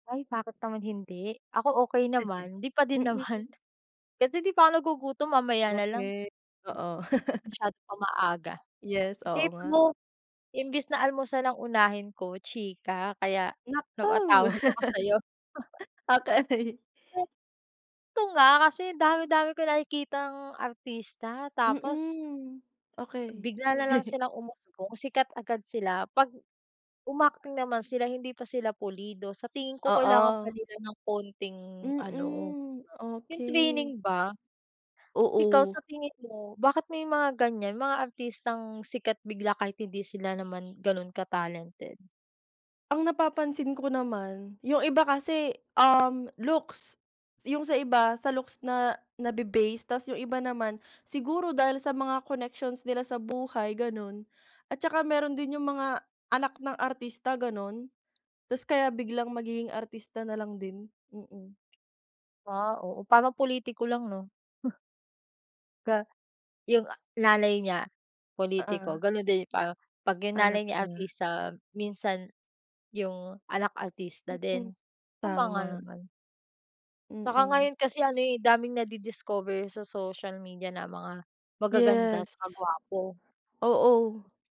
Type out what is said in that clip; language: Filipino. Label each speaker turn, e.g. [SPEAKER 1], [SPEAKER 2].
[SPEAKER 1] Ay, bakit naman hindi. Ako, okey naman. Hindi pa din
[SPEAKER 2] Mm.
[SPEAKER 1] naman. Kasi 'di pa ako nagugutom, mamaya na lang.
[SPEAKER 2] Okay, oo.
[SPEAKER 1] Masyadong pang maaga.
[SPEAKER 2] Yes, oo
[SPEAKER 1] Hate
[SPEAKER 2] nga.
[SPEAKER 1] mo, imbis na almusan ang unahin ko, chika. Kaya
[SPEAKER 2] Naku,
[SPEAKER 1] napatawag ako sa'yo.
[SPEAKER 2] okay.
[SPEAKER 1] Ito nga, kasi dami dami ko nakikitang artista. Tapos
[SPEAKER 2] Mm, okay.
[SPEAKER 1] Bigla na lang silang umuusbong, sikat agad sila. 'Pag um, acting naman sila, hindi pa sila pulido. Sa tingin ko, kailangan pa
[SPEAKER 2] Oo.
[SPEAKER 1] nila ng konting ano,
[SPEAKER 2] Mm,
[SPEAKER 1] yung
[SPEAKER 2] okay.
[SPEAKER 1] training ba. Ikaw, sa
[SPEAKER 2] Oo.
[SPEAKER 1] tingin mo? Bakit may mga ganyan, mga artistang sikat bigla kahit hindi sila naman ganon ka-talented?
[SPEAKER 2] Ang napapansin ko naman, yung iba kasi, um, looks, yung sa iba sa looks na nabe-base. Tas yung iba naman, siguro dahil sa mga connections nila sa buhay, ganon. At 'tsaka meron din yung mga anak ng artista ganon, 'tas kaya biglang magiging artista na lang din, mm.
[SPEAKER 1] Ah, oo, parang politiko lang, 'no? Ga yung nanay niya pulitiko,
[SPEAKER 2] Oo.
[SPEAKER 1] ganun din. Pa 'pag yung
[SPEAKER 2] Anak
[SPEAKER 1] nanay niya
[SPEAKER 2] niya.
[SPEAKER 1] artista, minsan yung anak artista
[SPEAKER 2] Mm,
[SPEAKER 1] din. Tama nga
[SPEAKER 2] tama.
[SPEAKER 1] naman. Saka
[SPEAKER 2] Mm.
[SPEAKER 1] ngayon kasi, ano, eh, daming nadi-discover sa social media na mga magaganda
[SPEAKER 2] Yes.
[SPEAKER 1] 'tsaka gwapo.
[SPEAKER 2] Oo.